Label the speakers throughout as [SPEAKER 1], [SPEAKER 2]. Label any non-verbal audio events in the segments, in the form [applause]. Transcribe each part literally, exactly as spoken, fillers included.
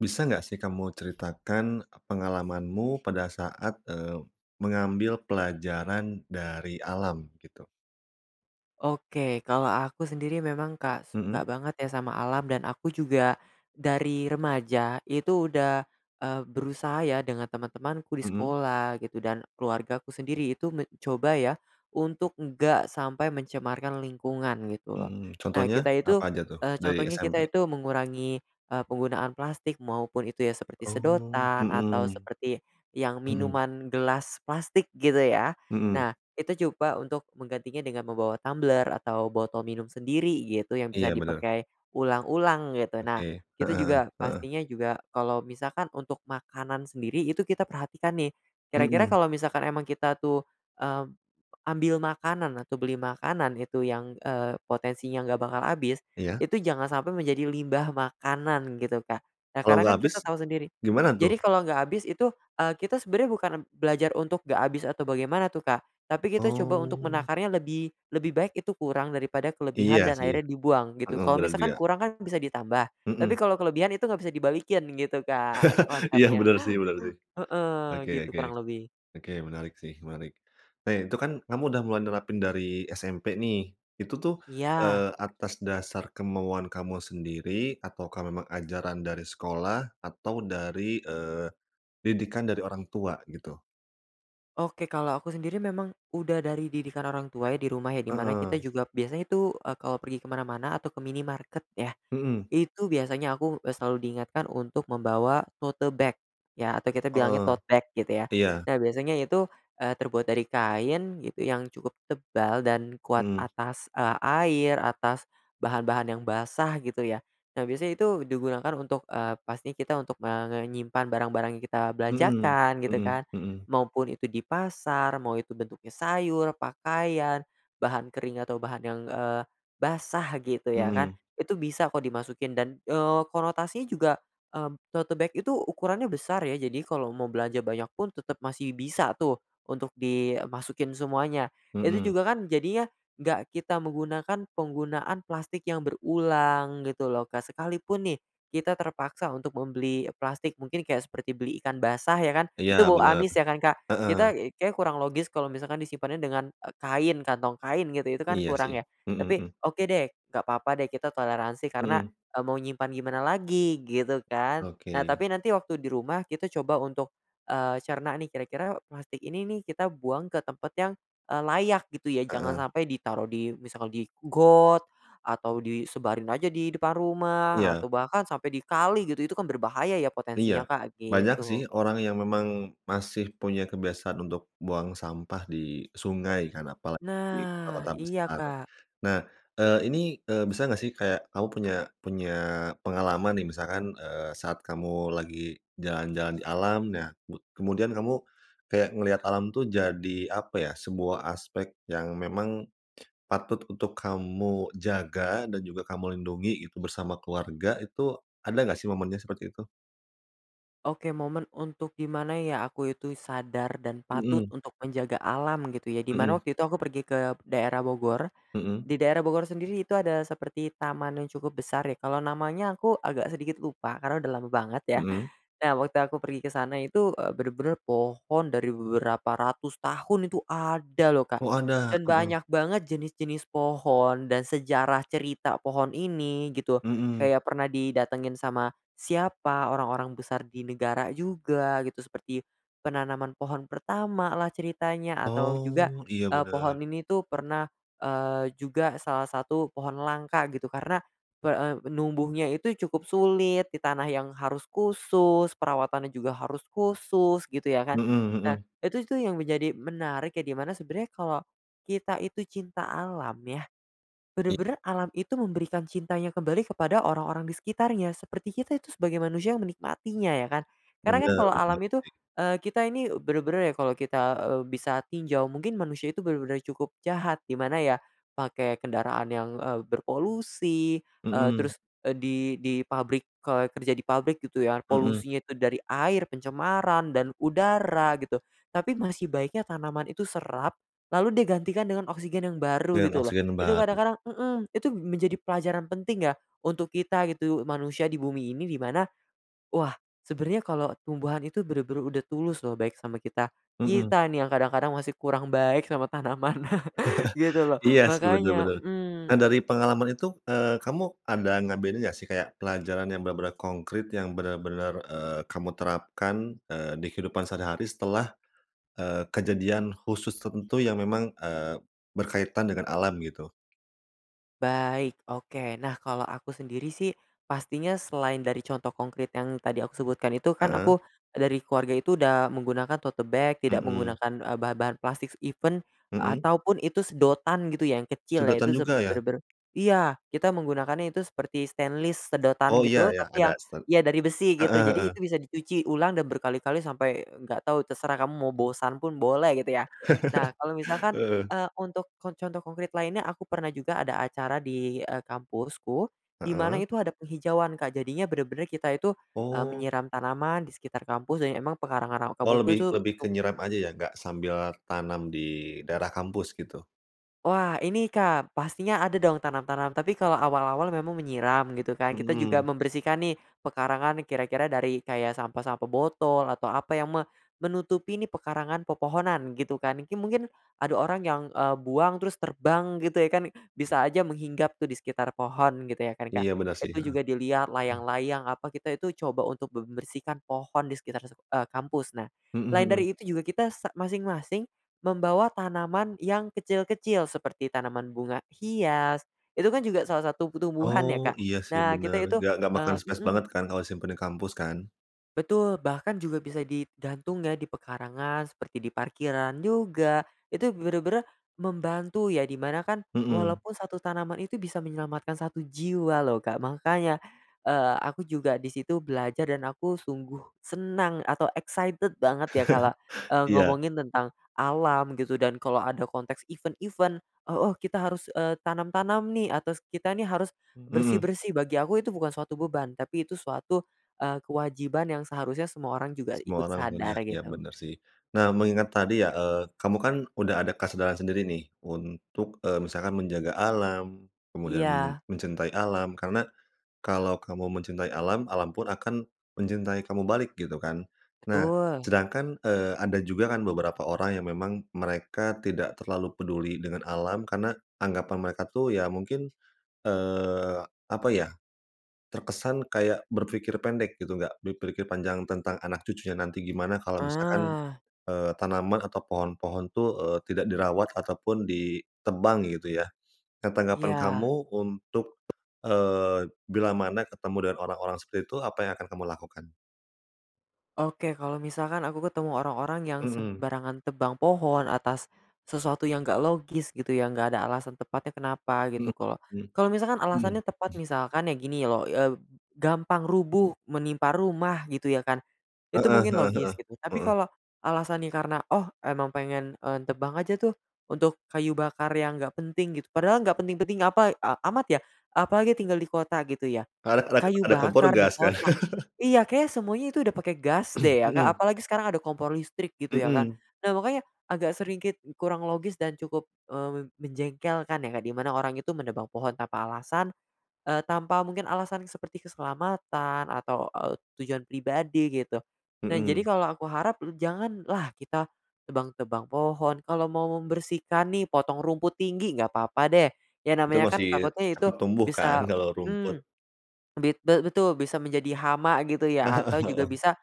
[SPEAKER 1] Bisa nggak sih kamu ceritakan pengalamanmu pada saat, eee, mengambil pelajaran dari alam, gitu?
[SPEAKER 2] Oke, kalau aku sendiri, memang, Kak,
[SPEAKER 1] Mhm.
[SPEAKER 2] suka banget ya sama alam dan aku juga, dari remaja itu udah, eee, berusaha ya dengan teman-temanku di
[SPEAKER 1] Mhm.
[SPEAKER 2] sekolah gitu, dan keluargaku sendiri itu me coba ya, untuk enggak sampai mencemarkan lingkungan, gitu loh.
[SPEAKER 1] Mhm,
[SPEAKER 2] Nah,
[SPEAKER 1] contohnya,
[SPEAKER 2] kita itu,
[SPEAKER 1] apa aja tuh
[SPEAKER 2] eee,
[SPEAKER 1] dari
[SPEAKER 2] contohnya kita
[SPEAKER 1] SMP?
[SPEAKER 2] itu mengurangi, eee, penggunaan plastik, maupun itu ya, seperti
[SPEAKER 1] Oh,
[SPEAKER 2] sedotan atau
[SPEAKER 1] mhm,
[SPEAKER 2] seperti yang
[SPEAKER 1] mhm.
[SPEAKER 2] minuman gelas plastik, gitu ya.
[SPEAKER 1] Mhm.
[SPEAKER 2] Nah, itu coba untuk menggantinya dengan membawa tumbler atau botol minum sendiri gitu, yang bisa
[SPEAKER 1] Iya benar.
[SPEAKER 2] dipakai ulang-ulang gitu. Nah,
[SPEAKER 1] Oke,
[SPEAKER 2] kita
[SPEAKER 1] heeh,
[SPEAKER 2] juga
[SPEAKER 1] heeh.
[SPEAKER 2] pastinya juga kalau misalkan untuk makanan sendiri itu kita perhatikan nih, kira-kira
[SPEAKER 1] Mhm.
[SPEAKER 2] kalau misalkan emang kita tuh, mmm, ambil makanan atau beli makanan itu yang, eee, potensinya nggak bakal habis,
[SPEAKER 1] Iya.
[SPEAKER 2] itu jangan sampai menjadi limbah makanan gitu, Kak. Nah,
[SPEAKER 1] Kalau
[SPEAKER 2] karena
[SPEAKER 1] nggak
[SPEAKER 2] kan kita
[SPEAKER 1] habis,
[SPEAKER 2] tahu sendiri.
[SPEAKER 1] gimana tuh?
[SPEAKER 2] Jadi kalau nggak habis itu, eee, kita sebenarnya bukan m belajar untuk nggak habis atau bagaimana tuh, Kak, tapi kita coba untuk
[SPEAKER 1] Oh.
[SPEAKER 2] menakarnya lebih lebih baik itu kurang daripada
[SPEAKER 1] Iya
[SPEAKER 2] kelebihan dan
[SPEAKER 1] sih.
[SPEAKER 2] akhirnya dibuang gitu.
[SPEAKER 1] Heeh
[SPEAKER 2] Kalau
[SPEAKER 1] berarti
[SPEAKER 2] misalkan
[SPEAKER 1] ya.
[SPEAKER 2] kurang kan bisa ditambah tapi
[SPEAKER 1] Mhm.
[SPEAKER 2] kalau kelebihan itu enggak bisa dibalikin gitu, Kak,
[SPEAKER 1] [chuckles] Iya,
[SPEAKER 2] konsepnya.
[SPEAKER 1] benar sih benar sih.
[SPEAKER 2] Heeh,
[SPEAKER 1] Oke
[SPEAKER 2] gitu
[SPEAKER 1] oke,
[SPEAKER 2] kurang lebih.
[SPEAKER 1] oke menarik sih, menarik, nah itu kan kamu sudah mulai nerapin dari SMP nih, itu tuh,
[SPEAKER 2] Iya.
[SPEAKER 1] eee, atas dasar kemauan kamu sendiri ataukah memang ajaran dari sekolah atau dari, eee, didikan dari orang tua gitu?
[SPEAKER 2] Oke, kalau aku sendiri memang udah dari didikan orang tua, ya di rumah ya, di mana kita
[SPEAKER 1] Heeh.
[SPEAKER 2] juga biasanya itu, eee, kalau pergi ke mana-mana atau ke minimarket ya,
[SPEAKER 1] Mhm.
[SPEAKER 2] itu biasanya aku, eee, selalu diingatkan untuk membawa to-te bag ya atau kita bilangnya
[SPEAKER 1] Heeh,
[SPEAKER 2] tote bag gitu ya.
[SPEAKER 1] iya.
[SPEAKER 2] Nah, biasanya itu, eee, terbuat dari kain gitu yang cukup tebal dan kuat
[SPEAKER 1] Mmm.
[SPEAKER 2] atas, eee, air atas bahan-bahan yang basah gitu ya. Nah, biasanya itu digunakan untuk, eee, pasti kita untuk, eee, mengenyimpan barang-barang yang kita
[SPEAKER 1] Mhm,
[SPEAKER 2] belanjakan gitu
[SPEAKER 1] mhm
[SPEAKER 2] kan.
[SPEAKER 1] mhm.
[SPEAKER 2] Maupun itu di pasar mau itu bentuknya sayur, pakaian, bahan kering atau bahan yang, eee, basah gitu ya kan,
[SPEAKER 1] Mhm.
[SPEAKER 2] itu bisa kok dimasukin dan, eee, konotasinya juga, mmm, tote bag itu ukurannya besar ya. Jadi, kalau mau belanja banyak pun tetap masih bisa tuh, untuk dimasukin semuanya. Itu
[SPEAKER 1] Mhm.
[SPEAKER 2] juga kan, jadinya enggak kita menggunakan penggunaan plastik yang berulang gitu loh, Kak. Sekalipun nih, kita terpaksa untuk membeli plastik mungkin kayak seperti beli ikan basah ya kan,
[SPEAKER 1] Iya
[SPEAKER 2] itu bau
[SPEAKER 1] benar,
[SPEAKER 2] amis ya kan, Kak,
[SPEAKER 1] heeh.
[SPEAKER 2] kita kayaknya kurang logis kalau misalkan disimpannya dengan, eee, kain kantong kain gitu itu kan
[SPEAKER 1] Iya sih,
[SPEAKER 2] kurang ya
[SPEAKER 1] mhm
[SPEAKER 2] tapi,
[SPEAKER 1] mhm.
[SPEAKER 2] oke deh nggak apa-apa deh kita toleransi karena,
[SPEAKER 1] Mhm.
[SPEAKER 2] eee, mau nyimpen gimana lagi gitu kan. Nah,
[SPEAKER 1] Oke.
[SPEAKER 2] tapi nanti waktu di rumah kita coba untuk, eee, cerna nih kira-kira plastik ini nih, kita buang ke tempat yang, eee, layak gitu ya. Jangan
[SPEAKER 1] Heeh.
[SPEAKER 2] sampai ditaruh di misalkal, di got atau disebarin aja di depan rumah
[SPEAKER 1] Iya.
[SPEAKER 2] atau bahkan sampai di kali gitu itu kan berbahaya ya
[SPEAKER 1] Iya,
[SPEAKER 2] potensinya, Kak,
[SPEAKER 1] banyak sih
[SPEAKER 2] gitu.
[SPEAKER 1] orang yang memang masih punya kebiasaan untuk buang sampah di sungai kan, apalagi di
[SPEAKER 2] Nah
[SPEAKER 1] kota-kota
[SPEAKER 2] iya,
[SPEAKER 1] besar.
[SPEAKER 2] Kak.
[SPEAKER 1] Nah, eee, ini, eee, bisa nggak sih, kayak kamu punya punya pengalaman nih misalkan, eee, saat kamu lagi jalan-jalan di alam nah mud kemudian kamu kayak ngelihat alam tuh jadi apa ya, sebuah aspek yang memang, patut untuk kamu jaga dan juga kamu lindungi itu bersama keluarga, itu ada nggak sih momennya seperti itu?
[SPEAKER 2] Oke, momen untuk di mana, ya, aku itu sadar dan patut
[SPEAKER 1] Mmm.
[SPEAKER 2] untuk menjaga alam, gitu, ya, di mana
[SPEAKER 1] Mhm.
[SPEAKER 2] waktu itu aku pergi ke daerah Bogor.
[SPEAKER 1] Mhm.
[SPEAKER 2] Di daerah Bogor sendiri itu ada seperti taman yang cukup besar, ya, kalau namanya aku agak sedikit lupa karena udah lama banget, ya.
[SPEAKER 1] Mhm.
[SPEAKER 2] Nah, waktu aku pergi ke sana itu, eee, bener-bener pohon dari beberapa ratus tahun itu ada, lho, Kak.
[SPEAKER 1] Oh, ada,
[SPEAKER 2] Dan
[SPEAKER 1] heeh.
[SPEAKER 2] banyak banget jenis-jenis pohon dan sejarah cerita pohon ini, gitu,
[SPEAKER 1] Mhm.
[SPEAKER 2] kayak pernah didatengin sama siapa, orang-orang besar di negara juga, gitu, seperti penanaman pohon pertama, lah, ceritanya, atau juga,
[SPEAKER 1] Oh. Iya
[SPEAKER 2] eee, pohon
[SPEAKER 1] bener.
[SPEAKER 2] ini, tuh, pernah, eee, juga salah satu pohon langka, gitu, karena pe eee, numbuhnya itu cukup sulit, di tanah yang harus khusus, perawatannya juga harus khusus, gitu, ya, kan.
[SPEAKER 1] Mhm
[SPEAKER 2] Nah,
[SPEAKER 1] mhm.
[SPEAKER 2] itu itu yang menjadi menarik, ya, di mana sebenernya kalau kita itu cinta alam, ya,
[SPEAKER 1] I
[SPEAKER 2] bener-bener alam itu memberikan cintanya kembali kepada orang-orang di sekitarnya, seperti kita itu sebagai manusia yang menikmatinya, ya, kan. Karena, kan,
[SPEAKER 1] Bener,
[SPEAKER 2] kalau
[SPEAKER 1] bener
[SPEAKER 2] alam
[SPEAKER 1] banget,
[SPEAKER 2] itu
[SPEAKER 1] sih.
[SPEAKER 2] eee, kita ini bener-bener, ya, kalau kita, eee, bisa tinjau mungkin manusia itu bener-bener cukup jahat. Gimana, ya, pakai kendaraan yang, eee, berpolusi, eee,
[SPEAKER 1] Mmm.
[SPEAKER 2] terus, eee, di di pabrik kalau kerja di pabrik, gitu, ya,
[SPEAKER 1] Mhm.
[SPEAKER 2] polusinya itu dari air, pencemaran dan udara, gitu. Tapi masih baiknya tanaman itu serap lalu dia gantikan dengan oksigen yang baru,
[SPEAKER 1] Dengan
[SPEAKER 2] gitu, lho.
[SPEAKER 1] oksigen yang
[SPEAKER 2] Itu
[SPEAKER 1] baru.
[SPEAKER 2] kadang-kadang mhm, itu menjadi pelajaran penting, ya, untuk kita, gitu, manusia di bumi ini, di mana, wah, sebenernya kalau tumbuhan itu bener-bener udah tulus, lho, baik sama kita.
[SPEAKER 1] Mhm.
[SPEAKER 2] Kita, nih, yang kadang-kadang masih kurang baik sama tanaman, [chuckles] gitu,
[SPEAKER 1] [chuckles]
[SPEAKER 2] lho.
[SPEAKER 1] Iya, sih, bener
[SPEAKER 2] Makanya
[SPEAKER 1] bener. Dan
[SPEAKER 2] mmm.
[SPEAKER 1] dari pengalaman itu, eee, kamu ada ngebedain nggak sih kayak pelajaran yang bener-bener konkrit, yang bener-bener, eee, kamu terapkan, eee, di kehidupan sehari-hari setelah, eee, kejadian khusus tertentu yang memang, eee, berkaitan dengan alam, gitu?
[SPEAKER 2] Baik, oke. Nah, kalau aku sendiri, sih, pastinya selain dari contoh konkrit yang tadi aku sebutkan itu, kan,
[SPEAKER 1] Heeh.
[SPEAKER 2] aku dari keluarga itu udah menggunakan tote bag, tidak
[SPEAKER 1] Mhm.
[SPEAKER 2] menggunakan, eee, bahan-bahan plastik, even
[SPEAKER 1] Mhm.
[SPEAKER 2] atau pun itu sedotan, gitu, yang kecil, ya, itu
[SPEAKER 1] Sedotan
[SPEAKER 2] se
[SPEAKER 1] juga, ya?
[SPEAKER 2] bener-bener iya, kita menggunakannya itu seperti stainless
[SPEAKER 1] Oh,
[SPEAKER 2] sedotan,
[SPEAKER 1] iya
[SPEAKER 2] gitu,
[SPEAKER 1] iya,
[SPEAKER 2] tapi
[SPEAKER 1] ada,
[SPEAKER 2] yang,
[SPEAKER 1] stain
[SPEAKER 2] ya, dari besi, gitu.
[SPEAKER 1] heeh
[SPEAKER 2] Jadi
[SPEAKER 1] heeh.
[SPEAKER 2] itu bisa dicuci ulang dan berkali-kali sampai nggak tau terserah kamu mau bosan pun boleh, gitu, ya. Nah, kalau
[SPEAKER 1] [chuckles]
[SPEAKER 2] misalkan,
[SPEAKER 1] Heeh.
[SPEAKER 2] eee, untuk kon contoh konkrit lainnya, aku pernah juga ada acara di, eee, kampusku, di mana
[SPEAKER 1] Heeh.
[SPEAKER 2] itu ada penghijauan, Kak, jadinya bener-bener kita itu, eee,
[SPEAKER 1] Oh.
[SPEAKER 2] menyiram tanaman di sekitar kampus dan emang pekarangan ra
[SPEAKER 1] Oh,
[SPEAKER 2] kampusku,
[SPEAKER 1] lebih
[SPEAKER 2] tuh,
[SPEAKER 1] lebih
[SPEAKER 2] cu
[SPEAKER 1] ke nyerep aja, ya, nggak sambil tanam di daerah kampus? Gitu.
[SPEAKER 2] Wah, ini, Kak, pastinya ada, dong, tanam-tanam, tapi kalau awal-awal memang menyiram, gitu, kan, kita juga
[SPEAKER 1] Mhm.
[SPEAKER 2] membersihkan, nih, pekarangan, kira-kira dari kayak sampah-sampah botol atau apa yang me menutupi, nih, pekarangan pepohonan, gitu, kan, kin mungkin ada orang yang, eee, buang terus terbang, gitu, ya, kan. Bisa aja menghinggap, tuh, di sekitar pohon, gitu, kan, ya, Kak.
[SPEAKER 1] Iya, bener, sih.
[SPEAKER 2] Itu
[SPEAKER 1] Heeh.
[SPEAKER 2] juga dilihat, layang-layang apa kita itu coba untuk membersihkan pohon di sekitar, eee, kampus. Nah,
[SPEAKER 1] Mhm
[SPEAKER 2] lain
[SPEAKER 1] mhm.
[SPEAKER 2] dari itu juga kita sa masing-masing membawa tanaman yang kecil-kecil seperti tanaman bunga hias, itu, kan, juga salah satu tumbuhan, ya,
[SPEAKER 1] Oh,
[SPEAKER 2] Kak,
[SPEAKER 1] iya, sih,
[SPEAKER 2] Nah, kita
[SPEAKER 1] bener,
[SPEAKER 2] itu,
[SPEAKER 1] nggak nggak makan
[SPEAKER 2] eee
[SPEAKER 1] space
[SPEAKER 2] mhm.
[SPEAKER 1] banget, kan, kalau simpen di kampus, kan?
[SPEAKER 2] Betul. Bahkan juga bisa digantung, ya, di pekarangan seperti di parkiran juga, itu bener-bener membantu, ya, di mana, kan,
[SPEAKER 1] Mhm.
[SPEAKER 2] walaupun satu tanaman itu bisa menyelamatkan satu jiwa, lho, Kak. Makanya, eee, aku juga di situ belajar dan aku sungguh senang atau excited banget, ya, kalau,
[SPEAKER 1] [chuckles]
[SPEAKER 2] eee,
[SPEAKER 1] Iya.
[SPEAKER 2] ngomongin tentang alam, gitu, dan kalau ada konteks event-event, "Oh oh, kita harus, eee, tanam-tanam, nih, atau kita, nih, harus
[SPEAKER 1] Hmm.
[SPEAKER 2] bersih-bersih." Bagi aku itu bukan suatu beban. Tapi itu suatu, eee, kewajiban yang seharusnya semua orang juga
[SPEAKER 1] Semua
[SPEAKER 2] ikut
[SPEAKER 1] orang
[SPEAKER 2] sadar,
[SPEAKER 1] punya, iya
[SPEAKER 2] gitu.
[SPEAKER 1] benar, sih. Nah, mengingat tadi, ya, eee, kamu, kan, udah ada kesadaran sendiri, nih, untuk, eee, misalkan menjaga alam, kemudian men
[SPEAKER 2] Iya.
[SPEAKER 1] mencintai alam karena kalau kamu mencintai alam, alam pun akan mencintai kamu balik, gitu, kan. Nah,
[SPEAKER 2] Betul.
[SPEAKER 1] sedangkan, eee, ada juga, kan, beberapa orang yang memang mereka tidak terlalu peduli dengan alam karena anggapan mereka, tuh, ya, mungkin, eee, apa ya, terkesan kayak berpikir pendek, gitu, nggak berpikir panjang tentang anak cucunya nanti gimana kalau misalkan,
[SPEAKER 2] Ah.
[SPEAKER 1] eee, tanaman atau pohon-pohon, tuh, eee, tidak dirawat atau pun ditebang, gitu, ya. Nah, tanggapan
[SPEAKER 2] Iya.
[SPEAKER 1] kamu untuk, eee, bilamana ketemu dengan orang-orang seperti itu, apa yang akan kamu lakukan?
[SPEAKER 2] Oke, kalau misalkan aku ketemu orang-orang yang
[SPEAKER 1] Mhm.
[SPEAKER 2] sembarangan tebang pohon atas sesuatu yang enggak logis gitu ya, enggak ada alasan tepatnya kenapa gitu,
[SPEAKER 1] Heeh
[SPEAKER 2] kalau
[SPEAKER 1] heeh
[SPEAKER 2] kalau misalkan
[SPEAKER 1] heeh.
[SPEAKER 2] alasannya tepat
[SPEAKER 1] [clears throat]
[SPEAKER 2] misalkan ya gini loh, eb gampang rubuh, menimpa rumah gitu ya, kan. Itu
[SPEAKER 1] Heeh
[SPEAKER 2] mungkin
[SPEAKER 1] heeh heeh
[SPEAKER 2] logis gitu, tapi
[SPEAKER 1] heeh.
[SPEAKER 2] kalau alasannya karena, "Oh emang pengen en tebang aja tuh untuk kayu bakar yang enggak penting." Gitu, padahal enggak penting-penting apa, e amat ya, apalagi tinggal di kota gitu ya.
[SPEAKER 1] Ka rak rak
[SPEAKER 2] Kayu
[SPEAKER 1] ada kompor
[SPEAKER 2] bakar di
[SPEAKER 1] gas kan.
[SPEAKER 2] kota,
[SPEAKER 1] [chuckles]
[SPEAKER 2] iya kayaknya semuanya itu udah pake gas
[SPEAKER 1] [clears throat]
[SPEAKER 2] deh ya, Kak,
[SPEAKER 1] Mhm.
[SPEAKER 2] apalagi sekarang ada kompor listrik gitu ya kan.
[SPEAKER 1] Mhm.
[SPEAKER 2] Nah, makanya agak sedikit kurang logis dan cukup, eee, mem menjengkelkan ya, Kak, di mana orang itu menebang pohon tanpa alasan, eee, tanpa mungkin alasan seperti keselamatan atau, eee, tujuan pribadi gitu. Nah jadi
[SPEAKER 1] Mhm.
[SPEAKER 2] kalau aku harap m janganlah kita tebang-tebang pohon, kalau mau membersihkan nih potong rumput tinggi nggak apa-apa deh, ya
[SPEAKER 1] Itu
[SPEAKER 2] namanya kan
[SPEAKER 1] masih
[SPEAKER 2] takutnya itu
[SPEAKER 1] tumbuh kan
[SPEAKER 2] bisa
[SPEAKER 1] kalau rumput.
[SPEAKER 2] mhm, e bit be betul bisa menjadi hama gitu ya, atau juga
[SPEAKER 1] [chuckles] Heeh
[SPEAKER 2] bisa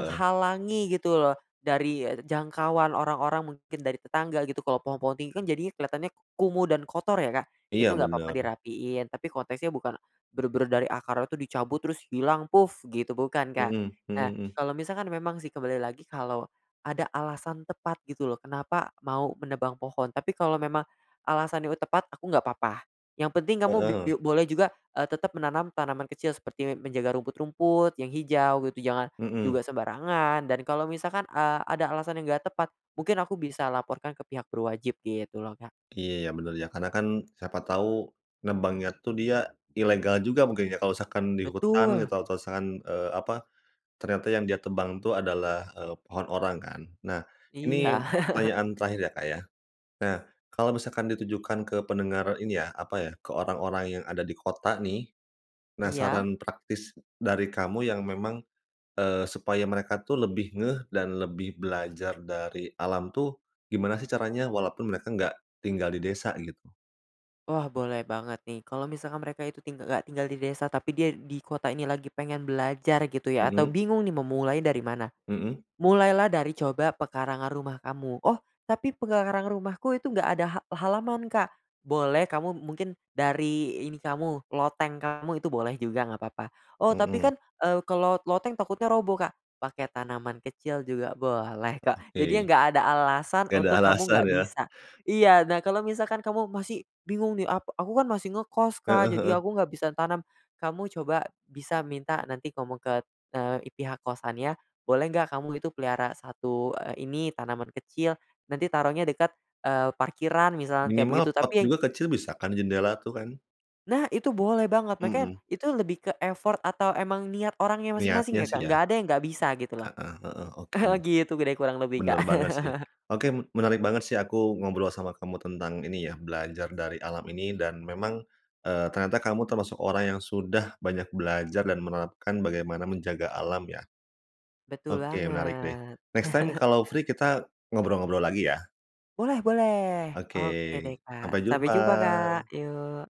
[SPEAKER 1] heeh.
[SPEAKER 2] gitu loh, dari e jangkauan orang-orang mungkin dari tetangga gitu, kalau pohon-pohon tinggi kan jadinya kelihatannya kumuh dan kotor ya, Kak, itu
[SPEAKER 1] Iya
[SPEAKER 2] nggak apa-apa
[SPEAKER 1] benar.
[SPEAKER 2] dirapihin, tapi konteksnya bukan benar-benar dari akar itu dicabut terus hilang puf gitu, bukan Kak.
[SPEAKER 1] Mhm,
[SPEAKER 2] Nah,
[SPEAKER 1] mhm, hmm.
[SPEAKER 2] kalau misalkan memang sih kembali lagi kalau ada alasan tepat gitu loh, kenapa mau menebang pohon, tapi kalau memang alasannya tepat aku nggak apa-apa, yang penting kamu bip
[SPEAKER 1] Heeh.
[SPEAKER 2] biu boleh juga, eee, tetap menanam tanaman kecil seperti menjaga rumput-rumput yang hijau gitu, jangan
[SPEAKER 1] Mhm.
[SPEAKER 2] juga sembarangan dan kalau misalkan, eee, ada alasan yang gak tepat, mungkin aku bisa laporkan ke pihak berwajib gitu loh, Kak.
[SPEAKER 1] Iya benar ya, karena kan siapa tahu nebangnya tuh dia ilegal juga mungkin ya, kalau misalkan di hutan
[SPEAKER 2] Betul.
[SPEAKER 1] gitu atau misalkan, eee, apa, ternyata yang dia tebang tuh adalah, eee, pohon orang kan. Nah
[SPEAKER 2] Iya.
[SPEAKER 1] ini
[SPEAKER 2] [chuckles]
[SPEAKER 1] pertanyaan terakhir ya, Kak, ya. Nah, kalau misalkan ditujukan ke pendengar ini ya, apa ya, ke orang-orang yang ada di kota nih,
[SPEAKER 2] Iya?
[SPEAKER 1] penasaran praktis dari kamu yang memang, eee, supaya mereka tuh lebih ngeh dan lebih belajar dari alam tuh gimana sih caranya, walaupun mereka nggak tinggal di desa gitu?
[SPEAKER 2] Wah, boleh banget nih kalau misalkan mereka itu ting nggak tinggal di desa, tapi dia di kota ini lagi pengen belajar gitu ya atau
[SPEAKER 1] Mhm.
[SPEAKER 2] bingung nih memulai dari mana.
[SPEAKER 1] Mhm.
[SPEAKER 2] Mulailah dari coba pekarangan rumah kamu, "Oh, tapi pekarangan rumahku itu enggak ada ha halaman Kak." Boleh kamu mungkin dari ini kamu, loteng kamu itu boleh juga nggak papa, "Oh, tapi
[SPEAKER 1] Mhm.
[SPEAKER 2] kan, eee, kalau loteng takutnya roboh Kak." Pakai tanaman kecil juga boleh
[SPEAKER 1] Oh,
[SPEAKER 2] kok. Jadi ya
[SPEAKER 1] oke.
[SPEAKER 2] nggak ada alasan
[SPEAKER 1] Gak ada
[SPEAKER 2] untuk kamu
[SPEAKER 1] alasan
[SPEAKER 2] nggak
[SPEAKER 1] ya.
[SPEAKER 2] bisa iya, nah kalau misalkan kamu masih bingung nih ap "Aku kan masih ngekos Kak,
[SPEAKER 1] Heeh
[SPEAKER 2] jadi
[SPEAKER 1] heeh.
[SPEAKER 2] aku nggak bisa tanam." Kamu coba bisa minta nanti ngomong ke, eee, itihak kosannya, boleh nggak kamu itu pelihara satu, eee, ini tanaman kecil nanti taruhnya dekat, eee, parkiran misal kayak
[SPEAKER 1] Minimal
[SPEAKER 2] begitu,
[SPEAKER 1] pot
[SPEAKER 2] tapi
[SPEAKER 1] juga kecil bisa kan, jendela tuh kan?
[SPEAKER 2] Nah, itu boleh banget, makanya
[SPEAKER 1] Mmm.
[SPEAKER 2] itu lebih ke effort atau emang niat orangnya
[SPEAKER 1] Niatnya
[SPEAKER 2] masing-masing ya,
[SPEAKER 1] sih
[SPEAKER 2] Kak,
[SPEAKER 1] ya.
[SPEAKER 2] enggak ada yang nggak bisa gitu loh.
[SPEAKER 1] Heeh heeh, oke.
[SPEAKER 2] [chuckles] gitu gede kurang lebih, Kak.
[SPEAKER 1] Benar banget sih.
[SPEAKER 2] [chuckles]
[SPEAKER 1] Oke menarik banget sih aku ngobrol sama kamu tentang ini ya, belajar dari alam ini dan memang, eee, ternyata kamu termasuk orang yang sudah banyak belajar dan menerapkan bagaimana menjaga alam ya.
[SPEAKER 2] Betul
[SPEAKER 1] Oke menarik deh.
[SPEAKER 2] banget.
[SPEAKER 1] Next time kalau free kita ngobrol-ngobrol lagi ya.
[SPEAKER 2] Boleh boleh.
[SPEAKER 1] Oke,
[SPEAKER 2] Oke deh, Kak,
[SPEAKER 1] sampai
[SPEAKER 2] sampai jumpa Kak.
[SPEAKER 1] jumpa.
[SPEAKER 2] Yuk.